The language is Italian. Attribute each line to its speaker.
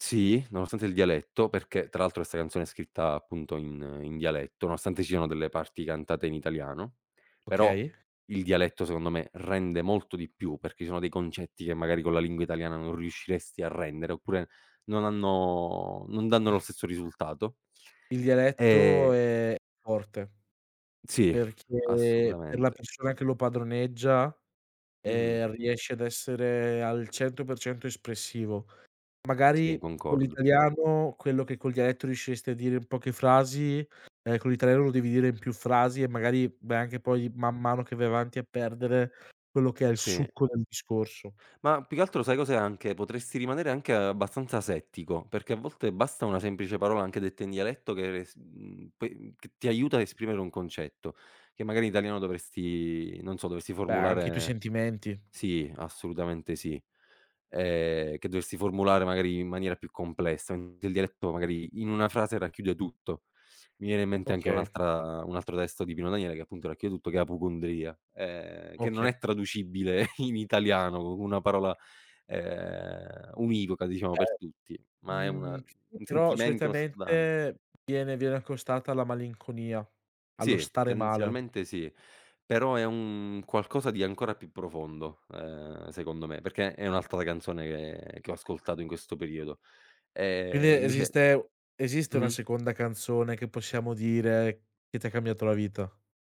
Speaker 1: Sì, nonostante il dialetto, perché tra altro 'sta canzone è scritta appunto in in dialetto, nonostante ci siano delle parti cantate in italiano, però
Speaker 2: Okay.
Speaker 1: il dialetto, secondo me, rende molto di più, perché ci sono dei concetti che, magari, co' la lingua italiana non riusciresti a rendere oppure non hanno non danno lo stesso risultato
Speaker 2: Il dialetto
Speaker 1: e
Speaker 2: è forte
Speaker 1: Sì,
Speaker 2: perché per la
Speaker 1: assolutamente.
Speaker 2: persona che lo padroneggia,
Speaker 1: Mh-mh.
Speaker 2: ehm, riesce ad essere al 100% espressivo. Magari
Speaker 1: Sì,
Speaker 2: co'
Speaker 1: concordo.
Speaker 2: l'italiano quello che col dialetto riusciresti a dire in poche frasi, ehm, co' l'italiano lo devi dire in più frasi e magari, beh, anche poi, man mano che vai avanti, a perdere quello che è il
Speaker 1: Sì.
Speaker 2: succo del discorso.
Speaker 1: Ma più che altro, sai cos'è anche? Potresti rimanere anche abbastanza asettico, perché a volte, basta una semplice parola, anche detta in dialetto, che re s mhmm, pe mhmm, c ti aiuta a esprimere un concetto, che, magari, in italiano, dovresti non so, dovresti
Speaker 2: Beh, anche i tuoi
Speaker 1: formulare
Speaker 2: sentimenti.
Speaker 1: sì, assolutamente, sì. Ehm, che dovresti formulare, magari in maniera più complessa, mente il dialetto, magari, in una frase racchiude tutto. Mi viene in mente anche
Speaker 2: Okay.
Speaker 1: un'altra un altro testo di Pino Daniele, che, appunto, racchiude tutto, che è Appocundria, ehm, che non
Speaker 2: Oka
Speaker 1: è traducibile in italiano, co' una parola, ehm, univoca, diciamo
Speaker 2: E
Speaker 1: per tutti, ma è una
Speaker 2: mhmm, [unintelligible]
Speaker 1: un
Speaker 2: però,
Speaker 1: sentimento, uno stato d'anim
Speaker 2: solitamente, viene viene accostata alla malinconia, allo
Speaker 1: Sì,
Speaker 2: stare male.
Speaker 1: tendenzialmente sì, però è un qualcosa di ancora più profondo, uhm, secondo me, perché è un'altra canzone, che che ho ascoltato in questo periodo. Ehm,
Speaker 2: Quindi
Speaker 1: invece
Speaker 2: esiste u esiste una
Speaker 1: mh-mh.
Speaker 2: seconda canzone, che possiamo dire che t'ha cambiato la vita?